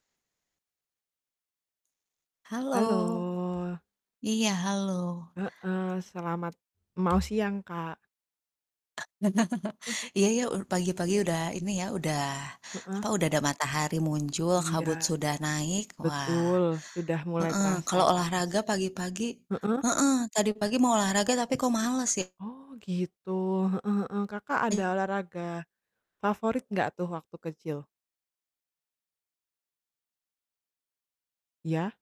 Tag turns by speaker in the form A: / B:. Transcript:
A: Halo.
B: Halo. Iya, halo.
A: Heeh, selamat mau siang, Kak.
B: Iya iya, u pagi-pagi udah ini ya, udah
A: Heeh.
B: apa, udah ada matahari muncul,
A: Iya.
B: kabut sudah naik. Wah,
A: Betul, sudah mulai
B: heeh,
A: terasa
B: kalau
A: panas.
B: olahraga pagi-pagi
A: Heeh?
B: heeh, tadi pagi mau olahraga tapi kok males,
A: Oh, gitu, heeh heeh, Kakak ada
B: ya.
A: olahraga favorit gak tuh waktu kecil? Ya?